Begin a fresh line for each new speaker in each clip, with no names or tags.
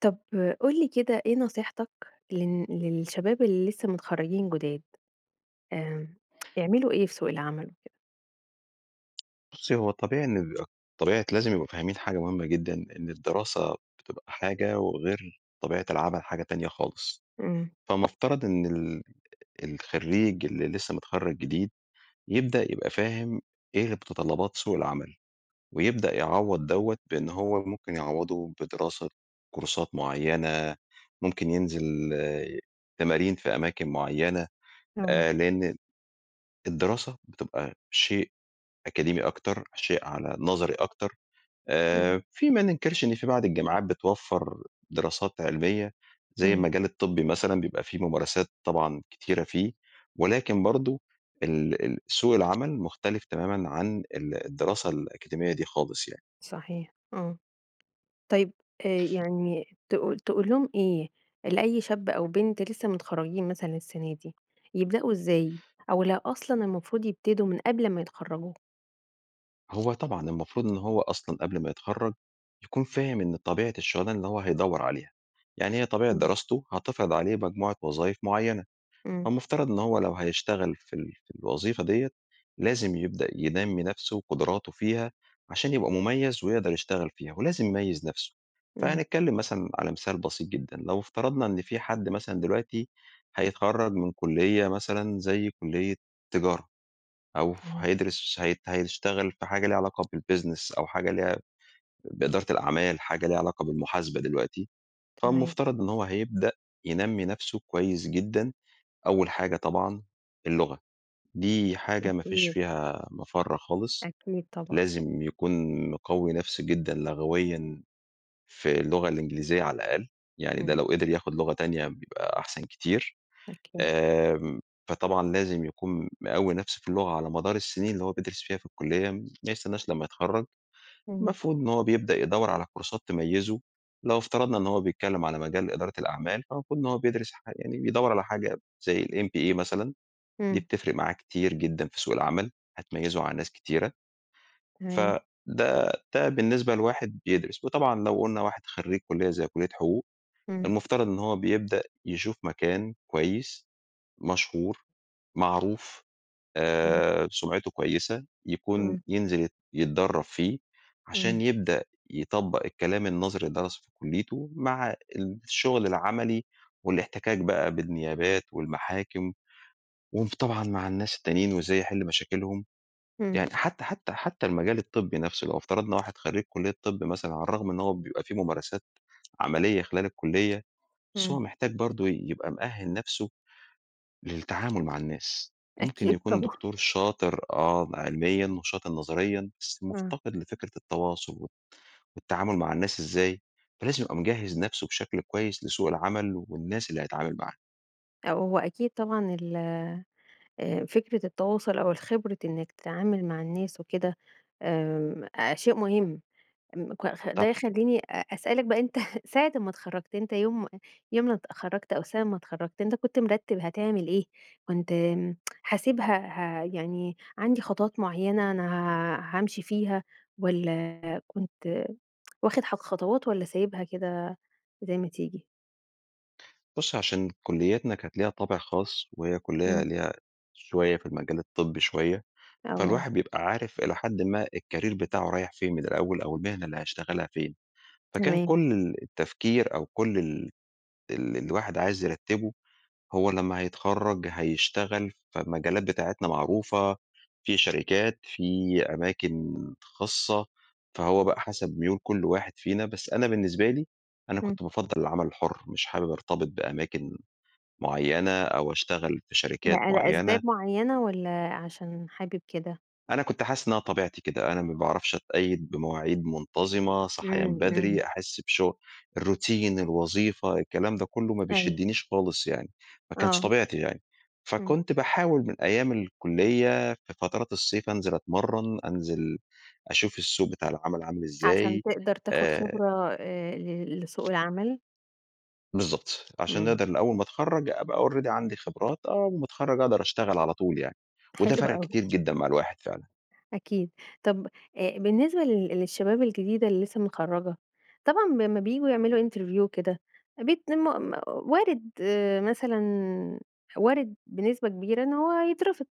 طب قُل لي كده إيه نصيحتك للن للشباب اللي لسه متخرجين جداد. إمم، يعملوا إيه في سوق العمل وكده؟
بُصي هو طبيعي إن ال طبيعة لازم يبقوا فاهمين حاجة مهمة جدًا، إن الدراسة بتبقى حاجة وغير طبيعة العمل حاجة تانية خالص.
امم.
فمفترض إن ال الخريج اللي لسه متخرج جديد يبدأ يبقى فاهم إيه متطلبات سوق العمل، ويبدأ يعوض دوّة بأن هو ممكن يعوضه بدراسة كورسات معينة، ممكن ينزل تمارين في أماكن معينة
آه.
آآ، لأن ال الدراسة بتبقى شيء أكاديمي أكتر شيء على نظري أكتر
امم.
آآ، في ما ننكرش إن في بعض الجامعات بتوفر دراسات علمية؛ زي
امم.
المجال الطبي مثلًا بيبقى فيه ممارسات طبعًا كتيرة فيه، ولكن برضه ال ال سوق العمل مختلف تمامًا عن ال الدراسة الأكاديمية دي خالص يعني.
صحيح آه. طيب آآ، يعني تقول تقول لهم إيه؟ لأي شاب أو بنت لسه متخرجين مثلًا السنة دي، يبدأوا إزاي؟ أو لو أصلًا المفروض يبتدوا من قبل أما يتخرجوا؟
هو طبعًا المفروض إن هو أصلًا قبل ما يتخرج يكون فاهم إن طبيعة الشغلانه إن هو هيدور عليها، يعني هي طبيعة
إمم.
دراسته هتفرض عليه مجموعة وظايف معيّنة،
إمم.
فالمفترض إن هو لو هيشتغل في ال في الوظيفة ديّة لازم يبدأ ينمّي نفسه وقدراته فيها عشان يبقى مميّز ويقدر يشتغل فيها، ولازم يميز نفسه.
إمم.
فهنتكلم مثلًا على مثال بسيط جدًا لو افترضنا إن في حد مثلًا دلوقتي هيتخرج من كلية مثلًا زي كلية تجارة، أو
إمم.
هيدرس هي هيشتغل في حاجة لها علاقة بالbusiness أو حاجة ليها بإدارة الأعمال حاجة ليها علاقة بالمحاسبة دلوقتي،
تمام.
فالمفترض إن هو هيبدأ ينمّي نفسه كويّس جدًا. أوّل حاجة طبعًا اللغة دي حاجة ما فيش
أكيد.
فيها مفر خالص،
أكيد، طبعًا.
لازم يكون مقوي نفسه جدًا لغويًا في اللغة الإنجليزية على الأقل، يعني ده
إمم.
لو قدر يأخد لغة تانية بيبقى أحسن كتير.
أكيد.
آمم فطبعًا لازم يكون مقوي نفسه في اللغة على مدار السنين اللي هو بيدرس فيها في الكلية ما يستناش لمّا يتخرج.
إمم.
المفروض إن هو بيبدأ يدور على كورسات تميزه لو افترضنا إن هو بيتكلّم على مجال إدارة الأعمال، فالمفروض إن هو بيدرس حا يعني بيدوّر على حاجة زي MBA مثلًا، دي
إمم.
بتفرق معاه كتير جدًا في سوق العمل، هتميزه على ناس كتيرة.
تمام.
فده ده بالنسبة لواحد بيدرس، وطبعًا لو قلنا واحد خريج كلية زي كلية حقوق،
إمم.
المفترض إن هو بيبدأ يشوف مكان كويّس مشهور معروف
إمم.
آآ، سمعته كويّسة يكون
إمم.
ينزل يت يتدرب فيه عشان
إمم.
يبدأ يطبق الكلام النظري اللي درسه في كليته مع الشغل العملي والاحتكاك بقى بالنيابات والمحاكم وم طبعًا مع الناس التانيين وإزاي يحل مشاكلهم.
إمم.
يعني حتّى حتّى حتّى المجال الطبّي نفسه لو افترضنا واحد خريج كلية الطب مثلًا على الرغم من إنّه هو بيبقى في ممارسات عمليّة خلال الكلية بس هو
إمم.
محتاج برضو يبقى مؤهِّل نفسه، للتعامل مع الناس، ممكن
أكيد
يكون
طبعًا.
دكتور شاطر آه م علميًا وشاطر نظريًا بس
ها.
مفتقد لفكرة التواصل والتعامل مع الناس إزاي؟ فلازم يبقى مجهز نفسه بشكل كويّس لسوق العمل والناس اللي هيتعامل معاها.
ه هو أكيد طبعًا ال آآ، فكرة التواصل أو الخبرة إنَّك تتعامل مع الناس وكده، امم، أ شيء مهم. م ك ده
طبعًا.
يخليني أ أسألك بقى أنت ساعة أمَّا اتخرجت، أنت يوم يوم ما اتخرجت أو سنة ما اتخرجت، أنت كنت مرتب هتعمل إيه؟ كنت امم حاسبها ه يعني عندي خطوات معينة أنا ها هامشي فيها، والَّا كنت واخد ح خطوات والَّا سايبها كده زي ما تيجي؟
بُصّي، عشان كليتنا كانت ليها طابع خاص، وهي كلية
إمم.
ليها شوية في المجال الطبي شوية،
آه.
فالواحد بيبقى عارف إلى حدٍ ما الكارير بتاعه رايح فين من الأول، أو المهنة اللي هيشتغلها فين، فكان
تمام.
كل ال التفكير أو كل ال اللي الواحد عايز يرتبه، هو لمَّا هيتخرج هيشتغل في مجالات بتاعتنا معروفة، في شركات، في أماكن خاصة، فهو بقى حسب ميول كل واحد فينا، بس أنا بالنسبة لي، أنا
إمم.
كنت بافضّل العمل الحر، مش حابب أرتبط بأماكن معينة، أو أشتغل في
ل
شركات معينة.
لأسباب معينة، والَّا عشان حابب كده؟
أنا كنت حاسس إن أنا طبيعتي كده، أنا ما باعرفش أتقيد بمواعيد منتظمة، صحيان
امم،
بدري،
امم.
أحس بشغ الروتين، الوظيفة، الكلام ده كله ما
أيوه.
بيشدنيش خالص يعني، ما كانش
آه.
طبيعتي يعني.
امم.
فكنت باحاول من أيام الكلية في فترات الصيف أنزل اتمرن، أنزل أشوف السوق بتاع العمل عامل
عشان
إزاي،
تقدر تاخد
آآ
خبرة آآ ل لسوق العمل.
بالضبط، عشان
امم.
نقدر ل أول ما أتخرج ابقى already عندي خبرات، أول ما أتخرج أقدر أشتغل على طول يعني، وده
حلو
فرق
أوي.
كتير جدًا مع الواحد فعلًا.
أكيد. طب آآ بالنسبة لل للشباب الجديدة اللي لسه متخرجة، طبعًا لمّا بييجوا يعملوا interview وكده بيتم وارد آآ مثلًا وارد بنسبة كبيرة إن هو يترفض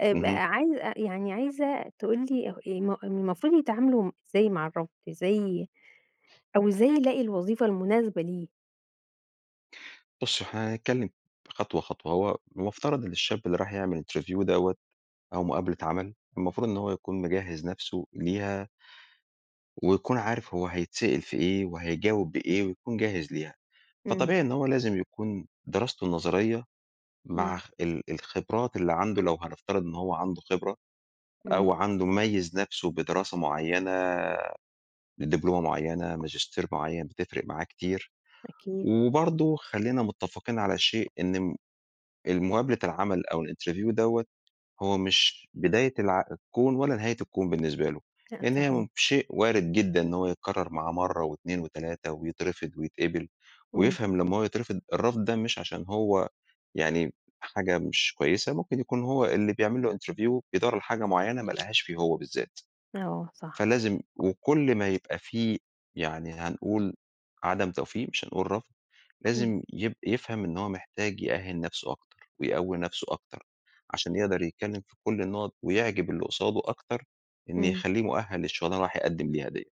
آآ ب
اهم.
عايزة يعني عايزة تقول لي ه م م المفروض يتعاملوا إزاي مع الرفض إزاي أو إزاي يلاقي الوظيفة المناسبة ليه؟
بُصّي هو احنا هنتكلم خطوة خطوة، هو المفترض إن الشاب اللي راح يعمل interview دَوَّة أو مقابلة عمل، المفروض إن هو يكون مجهز نفسه ليها ويكون عارف هو هيتسأل في إيه وهيجاوب بإيه ويكون جاهز ليها.
امم.
فطبيعي إن هو لازم يكون دراسته نظرية مع
امم.
اخ ال الخبرات اللي عنده لو هنفترض إن هو عنده خبرة أو
امم.
عنده ميز نفسه بدراسة مُعيّنة، بدبلومة مُعيّنة، ماجستير معيّن بتفرق معاه كتير،
أكيد.
وبرضه خلّينا متفقين على شيء إن الم المقابلة العمل أو الinterview دَوَّة هو مش بداية الع الكون ولا نهاية الكون بالنسبة له.
[unintelligible]
لإن هي
صحيح.
م شيء وارد جدًا إن هو يتكرر معاه مرة و2 و3 ويترفض ويتقبل،
امم.
ويفهم لمّا هو يترفض الرفض ده مش عشان هو يعني حاجة مش كويسة، ممكن يكون هو اللي بيعمل له interview بيدوَّر على حاجة مُعيّنة ما لقهاش فيه هو بالذات.
آه، صح.
فلازم وكل ما يبقى في يعني هنقول عدم توفيق مش هنقول رفض،
امم.
لازم يب يفهم إن هو محتاج يأهِل نفسه أكتر ويقوي نفسه أكتر، عشان يقدر يتكلم في كل النقط ويعجب اللي قصاده أكتر إن
إمم.
يخلّيه مؤهل للشغلانة اللي رايح يقدم ليها دِيَّة.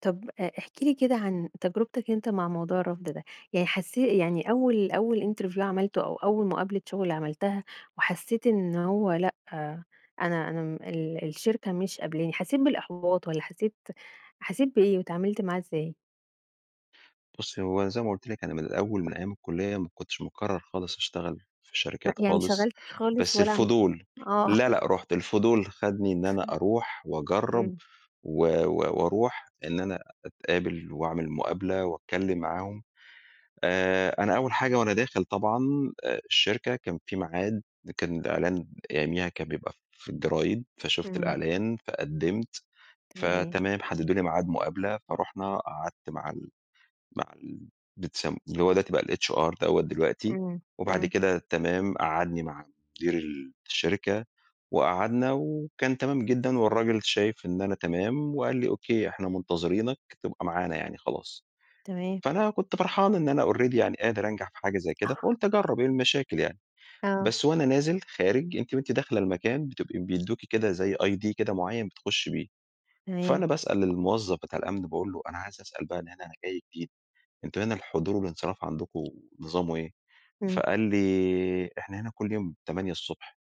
طب ا احكِ لي كده عن تجربتك أنت مع موضوع الرفض ده، يعني حسّي يعني أوّل أوّل interview عملته أو أوّل مقابلة شغل عملتها، وحسّيت إنّه هو لأ، أنا أنا ال الشركة مش قبلاني، حسّيت بالإحباط، والّا حسّيت حسّيت بإيه واتعاملت معاه إزاي؟
بُصّي هو زي ما قُلت لِك، أنا من الأوّل من أيّام الكلية ما كنتش مقرر خالص أشتغل في
لأ
شركات
يعني ما
خالص،
اشتغلتش خالص،
بس
ولا ع
الفضول
آه.
لا لا، رُحت الفضول خدني إن أنا أروح وأجرّب،
إمم.
و و وأروح إن أنا أتقابل وأعمل مقابلة وأتكلّم معاهم. آآ أنا أوّل حاجة وأنا داخل طبعًا الشركة، كان في ميعاد كان الإعلان أيامها كان بيبقى في الجرايد، فشفت
إمم.
الإعلان، فقدمت،
تمام.
فتمام حددوا لي ميعاد مقابلة، فرُحنا قعدت مع ال مع ال بتسم اللي هو دلوقتي بقى الHR دوّة دلوقتي،
إمم.
وبعد
إمم.
كده تمام قعّدني مع مدير الشركة، وقعدنا وكان تمام جدًا، والراجل شايف إن أنا تمام، وقال لي: "أوكيه إحنا منتظرينك تبقى معانا يعني خلاص."،
تمام.
فأنا كنت فرحان إن أنا already يعني قادر أنجح في حاجة زي كده،
آه.
فقلت أجرّب إيه المشاكل يعني.
آه.
بس وأنا نازل خارج أنتِ وأنتِ داخلة المكان بتبقي بيدوكي كده زي ID كده معيّن بتخشي بيه،
تمام.
فأنا باسأل الموظّف بتاع الأمن باقول له: "أنا عايز أسأل بقى هنا أنا جاي جديد، أنتم هنا الحضور والانصراف عندكم نظامه إيه؟"
إمم.
فقال لي: "إحنا هنا كل يوم 8:00 ص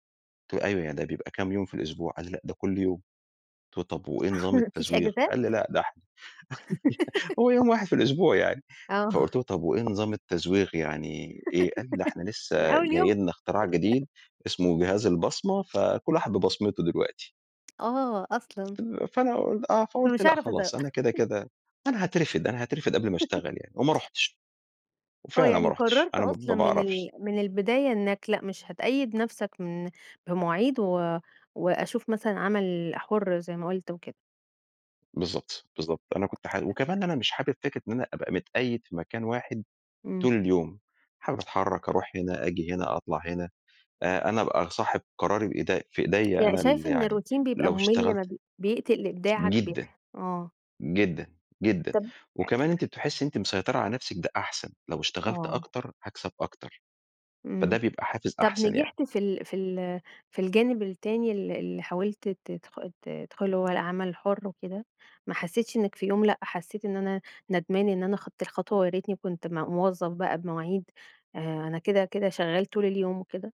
قلت له: "أيوَه يعني ده بيبقى كام يوم في الأسبوع؟" قال لي: "لأ، ده كل يوم." قلت له: "طب وإيه نظام
ما فيش
التزويغ؟"
إجازات؟
قال لي: "لا ده إحنا هو يوم واحد في الأسبوع يعني."
آه.
فقلت له: "طب وإيه نظام التزويغ يعني إيه؟" قال: "ده إحنا
من
لسّه
أول
جاي
يوم؟
لنا اختراع جديد، اسمه جهاز البصمة فكل واحد ببصمته دلوقتي."
آه أصلًا.
فأنا قول آه فقولت
فمش
لأ
هاعرف أزوّغ.
خلاص، أنا كده كده أنا هاترفد أنا هاترفد قبل ما اشتغل يعني وما رُحتش.
آه،
وفعلًا ما
يعني
رُحتش
قررت
أنا ما
أصلًا من
باعرفش
ال من البداية إنّك لأ، مش هتقيد نفسك من بمواعيد، و وأشوف مثلًا عمل حر زي ما قلت وكده.
بالضبط، بالضبط. أنا كنت حا
[unintelligible]
وكمان أنا مش حابب فكرة إن أنا أبقى متقيد في مكان واحد
إمم.
طول اليوم، حابب أتحرك، أروح هنا، أجي هنا، أطلع هنا، آآ أنا ابقى صاحب قراري بإيدي في إيديَّ
يعني
أنا ال
شايف إن
يعني
الروتين بيبقى
لو
ممل ما
اشتغلت
بي بيقتل ابداعك؟ بي
جدًا،
آه.
جدًا، جدًا،
طب آآ
وكمان
[unintelligible]
أنتِ بتحسي إن أنتِ مسيطرة على نفسِك ده أحسن، لو اشتغلت
آه.
أكتر هاكسب أكتر. فده
إمم،
بيبقى حافز
طب
أحسن يعني.
نجحت في ال في ال في الجانب التاني ال اللي حاولت ت تدخ ت تدخله اللي هو العمل الحُر وكده؟ ما حسيتش إنك في يوم لأ حسيت إن أنا ندمان إن أنا خدت الخطوة وياريتني كنت م موظف بقى بمواعيد، آآ أنا كده، كده شغال طول اليوم وكده؟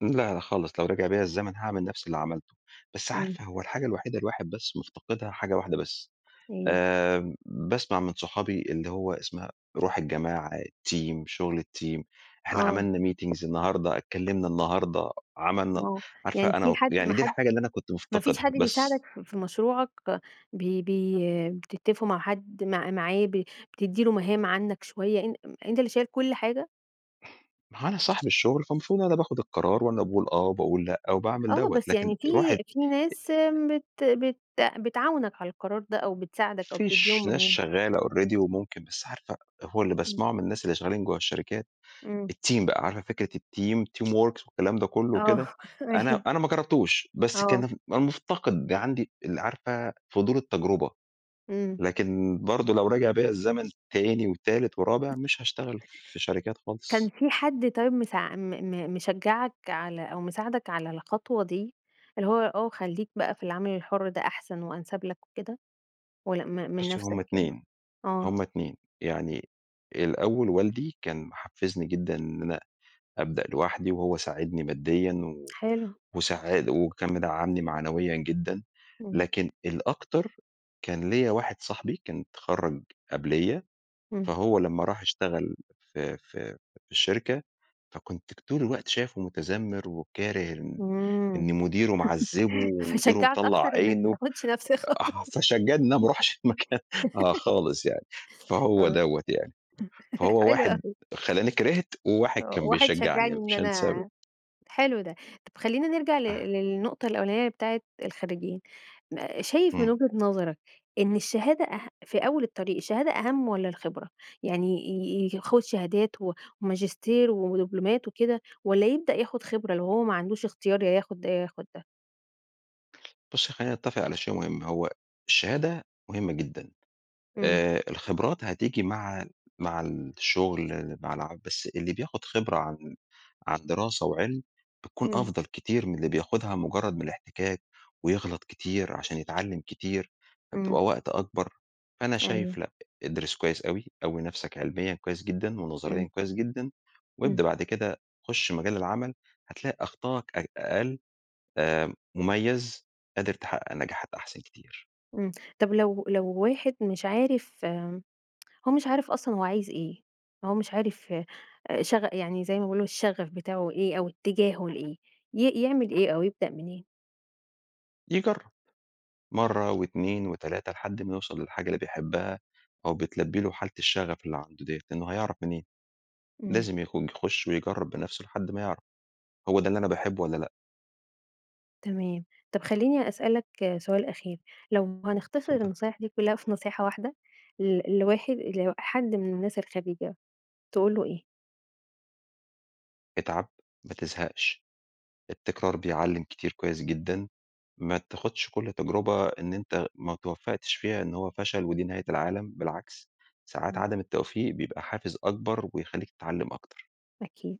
لا لأ خالص، لو رجع بيَّ الزمن هاعمل نفس اللي عملته. بس
إمم.
عارفة هو الحاجة الوحيدة الواحد بس مفتقدها حاجة واحدة بس،
إيه؟
آآ باسمع من صحابي اللي هو اسمها روح الجماعة، الteam، شغل الteam، إحنا
آه.
عملنا meetings النهارده، اتكلمنا النهارده، عملنا
آه،
عارفة
يعني
أنا
في
و
حد
يعني
ما
دي
حد
الحاجة اللي أنا كنت
ما فيش
مفتقدها،
حد
بس.
بيساعدك ف في مشروعك؟ ب بي بي بتتفقوا مع حد مع معاه ب بتدِّي له مهام عنك شوية؟ أن أنت اللي شايل كل حاجة؟
ما أهو أنا صاحب الشغل فالمفروض أنا اللي باخد القرار وأنا اللي باقول آه، وباقول لأ، وباعمل
آه،
دَوَّة،
بس
لكن
يعني في
الواحد
في
آآ
ناس
آآ
بت بت بتعاونك على القرار ده أو بتساعدك أو
في
تديهم
ش ناس
مهام.
شغالة already وممكن بس عارفة هو اللي
امم.
باسمعه من الناس اللي شغالين جوّه الشركات
إمم.
الteam بقى عارفة فكرة الteam؟ teamworks والكلام ده كله
آه
وكده؟ أنا
أيوه.
أنا ما جربتوش، بس
آه.
كان مفتقد عندي ال عارفة، فضول التجربة.
إمم.
لكن برضه لو رجع بيَّ الزمن تاني وتالت ورابع مش هاشتغل في شركات
كان
خالص.
في حد طيب مساع م م مشجعك على أو مساعدك على الخطوة دي؟ اللي هو آه، خلّيك بقى في العمل الحُر ده أحسن، وأنسب لك وكده؟ والّا م من
بُصّي
نفسك
هم
كده؟
2
آه.
هم 2 يعني الأول والدي كان محفزني جدًا إن أنا أبدأ لوحدي، وهو ساعدني ماديًا، و
حلو.
وساعا وكان مدعمني معنويًا جدًا،
امم.
لكن الأكتر، كان ليَّ واحد صاحبي كان اتخرج قبليَّ،
امم.
فهو لمّا راح اشتغل في في في الشركة فكُنت ك طول الوقت شايفه مُتذمر، وكاره إن إن
آمم،
مديره معذِبه، ومديره
فشجعك أكتر
مطلّع
إنك ما
عينه،
تاخدش نفس الخطوه
آه فشجعني إن أنا ما اروحش المكان آه خالص يعني، فهو
آه
دَوَّة يعني. فهو
حلو
واحد
أوي
خلّاني كرهت، وواحد
آه،
كان
واحد
بيشجعني،
شجعني
أنا
إن
مش هانساه ابدًا
أنا حلو ده. طب خلّينا نرجع ل
آه.
للنقطة الأولانية بتاعة الخريجين. ن شايف من
إمم.
وجهة نظرك إن الشهادة أه في أول الطريق الشهادة أهَم والّا الخبرة؟ يعني ي ي ياخُد شهادات و وماجستير ودبلومات وكده، والّا يبدأ ياخد خبرة لو هو ما عندوش اختيار يا ياخد ده، يا ياخد ده؟
بُصّي خلّينا نتفق على شيء مهم، هو الشهادة مهمة جدًا،
امم.
آآ الخبرات هتيجي مع مع الشغل مع الع بس اللي بياخد خبرة عن عن دراسة وعلم بتكون
امم.
أفضل كتير من اللي بياخدها مجرد من الاحتكاك، ويغلط كتير عشان يتعلم كتير،
امم.
فبتبقى وقت أكبر. فأنا
أيوه.
شايف لأ، ادرس كويس أوي، قوّي نفسك علميًا كويس جدًا ونظريًا
امم.
كويس جدًا، وابدأ
امم.
بعد كده خُش مجال العمل، هتلاقي أخطاءك أ أقل، آآ مميز، قادر تحقق نجاحات أحسن كتير.
امم. طب لو لو واحد مش عارف، آمم، هو مش عارف أصلًا هو عايز إيه، هو مش عارف شغ يعني زي ما بيقولوا الشغف بتاعه إيه أو اتجاهه لإيه، ي يعمل إيه أو يبدأ منين؟
يجرب، مرة و2 و3 لحد ما يوصل للحاجة اللي بيحبها، أو بتلبي له حالة الشغف اللي عنده دِيَّة، لأنه هيعرف منين؟
امم.
لازم يخو يخش ويجرب بنفسه لحد ما يعرف، هو ده اللي أنا باحبه والّا لأ.
تمام. طب خلّيني أسألك سؤال أخير. لو هنختصر
اتفضلي.
النصايح دي كلها في نصيحة واحدة، ل لواحد لحد من الناس الخريجة، تقول له إيه؟
اتعب، ما تزهقش، التكرار بيعلّم كتير كويس جدًا، ما تاخدش كل تجربة إن أنت ما اتوفقتش فيها إن هو فشل ودي نهاية العالم، بالعكس، ساعات
امم.
عدم التوفيق بيبقى حافز أكبر ويخلّيك تتعلم أكتر.
أكيد.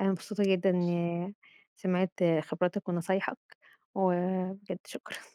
أنا مبسوطة جدًا إنّي سمعت خبراتك ونصايحك، وبجد شكرًا.